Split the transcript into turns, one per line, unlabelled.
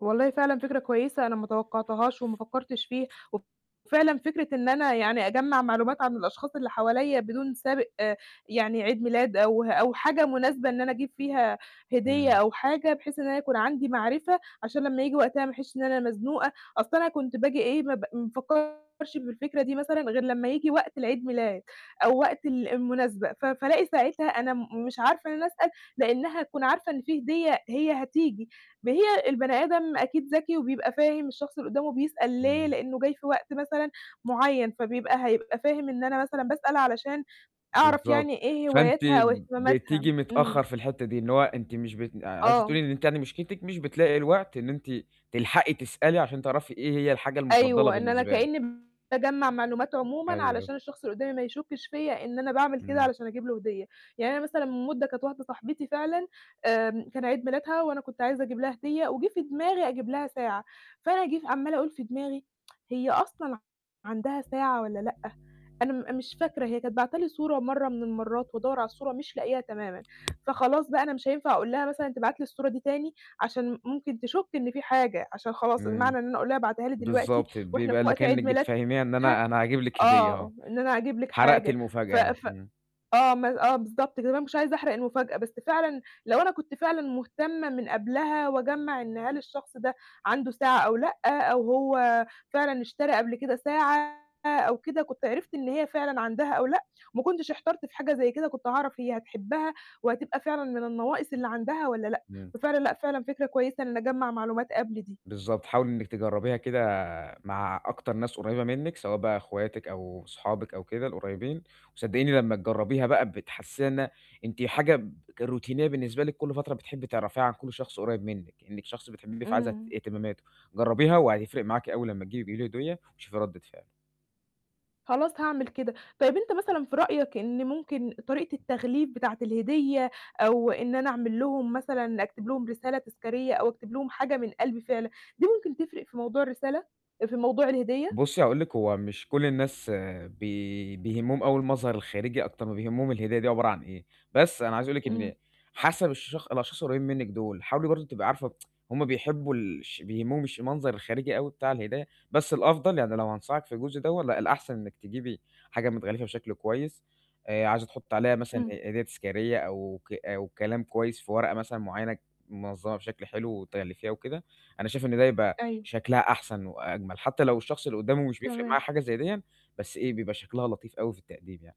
والله فعلًا فكرة كويسة أنا ما توقَّعتهاش وما فكَّرتش فيها وف فعلًا فكرة إن أنا يعني أجمَّع معلومات عن الأشخاص اللي حواليّا بدون سابق يعني عيد ميلاد أو أو حاجة مناسبة إن أنا أجيب فيها هدية
إمم.
أو حاجة، بحيث إن أنا يكون عندي معرفة عشان لمّا ييجي وقتها ما أحسِّش إن أنا مزنوقة. أصلًا أنا كنت باجي إيه، ما ب ما بافكَّرش بالفكرة دي مثلًا غير لمّا ييجي وقت العيد ميلاد أو وقت ال المناسبة، ف فألاقي ساعتها أنا م مش عارفة إن أنا أسأل لإنّها هتكون عارفة إن فيه هدية هي هتيجي. ما هي البني آدم أكيد ذكي وبيبقى فاهم الشخص اللي قُدّامه بيسأل ليه،
إمم.
لإنّه جاي في وقت مثلًا معيّن، فبيبقى هيبقى فاهم إن أنا مثلًا باسأل علشان أعرف
بالضبط.
يعني إيه
فأنتِ
هواياتها أو
ب
اهتماماتها.
بتيجي متأخَّر
إمم.
في الحتّة دي، إن هو أنتِ مش بت آآ عايزة
آه.
تقولي إن أنتِ يعني مشكلتِك مش بتلاقي الوقت إن أنتِ تلحقي تسألي عشان تعرفي إيه هي الحاجة المُفضَّلة
أيوه، إن أنا
بالنسبة له.
كإنّي باجمَّع معلومات عمومًا
أيوه.
علشان الشخص اللي قُدّامي ما يشُكِّش فيّا إن أنا باعمل كده
إمم.
علشان أجيب له هدية. يعني أنا مثلًا من مُدَّة كانت واحدة صاحبتي فعلًا آآ كان عيد ميلادها وأنا كنت عايزة أجيب لها هدية وِجِه في دماغي أجيب لها ساعة. فأنا أجيب عمّالة أقول في دماغي هي أصلًا ع عندها ساعة والّا لأ؟ أنا م أنا مش فاكرة، هي كانت باعتة لي صورة مرّة من المرّات وأدوَّر على الصورة مش لاقياها تمامًا. فخلاص بقى أنا مش هينفع أقول لها مثلًا تبعت لي الصورة دي تاني عشان ممكن تشُك إن فيه حاجة، عشان خلاص
إمم.
المعنى إن أنا أقول لها ابعتيها لي دلوقتي
بالضبط،
وإحنا في
بيبقى اللي
وقت
كإنِّك
عيد ميلادها
بتفهِّميها إن أنا أنا هاجيب لكِ هدية آه.
آه، إن أنا أجيب لكِ
حرقتِ
حاجة. ف
المفاجأة يعني،
ف
إمم.
آه، م آه، بالضبط كده، طب أنا ما كنتش عايزة أحرق المفاجأة، بس فعلًا لو أنا كنت فعلًا مُهتمة من قبلها وأجمّع إن هل الشخص ده عنده ساعة أو لأ، أو هو فعلًا اشترى قبل كده ساعة أو كده، كنت عرفت إن هي فعلًا عندها أو لأ، وما كنتش احترت في حاجة زي كده، كنت هاعرف هي هتحبَّها وهتبقى فعلًا من النواقِص اللي عندها والّا لأ.
إمم.
ففعلًا لأ، فعلًا فكرة كويسة إن أجمَّع معلومات قبل دي.
بالضبط، حاولي إنِّك تجرَّبيها كده مع أكتر ناس قريّبة منِّك، سواء بقى أخواتِك أو صحابِك أو كده القريّبين وصدّقيني لمّا تجرَّبيها بقى بتحسّيها إنها أنتِ حاجة ب روتينية بالنسبة لِك كل فترة بتحبّي تعرفيها عن كل شخص قريّب منِّك، إنِّك شخص بتحبّيه فعايزة ت
إمم.
اهتمامته. جرَّبيها وهيفرق معاكِ أول لمّا تجيبي تجيبي له هدية وشوفي رَدِّة فعله.
خلاص هاعمل كده. طيب أنت مثلًا في رأيك إن ممكن طريقة التغليف بتاعة الهدية أو إن أنا أعمل لهم مثلًا أكتب لهم رسالة تذكاريّة أو أكتب لهم حاجة من قلبي فعلًا، دي ممكن تفرق في موضوع الرسالة آآ في موضوع الهدية؟
بُصّي هاقول لكِ، هو مش كل الناس بي بيهمّهم أوي المظهر الخارجي أكتر ما بيهمّهم الهدية دي عبارة عن إيه. بس أنا عايز أقول لِك إن
إمم.
حَسَب الشخ الأشخاص القريّبين منِّك دُول، حاولي برضه تبقي عارفة هم بيحبّوا الش بيهمّهم الش المنظر الخارجي أوي بتاع الهدية، بس الأفضل يعني لو هانصحِك في الجزء دوّا، لأ، الأحسن إنِّك تجيبي حاجة متغلِّفة بشكل كويس، آآ عايزة تحُطّي عليها مثلًا
إمم.
ه هدية تذكارية أو ك أو كلام كويس في ورقة مثلًا معيّنة منظّمة بشكل حلو وتغلِّفيها وكده، أنا شايف إن ده يبقى
أيوه.
شكلها أحسن وأجمل، حتّى لو الشخص اللي قُدّامه مش بيفرق معاه
تمام.
حاجة زي ديّا، بس إيه، بيبقى شكلها لطيف أوي في التقديم يعني.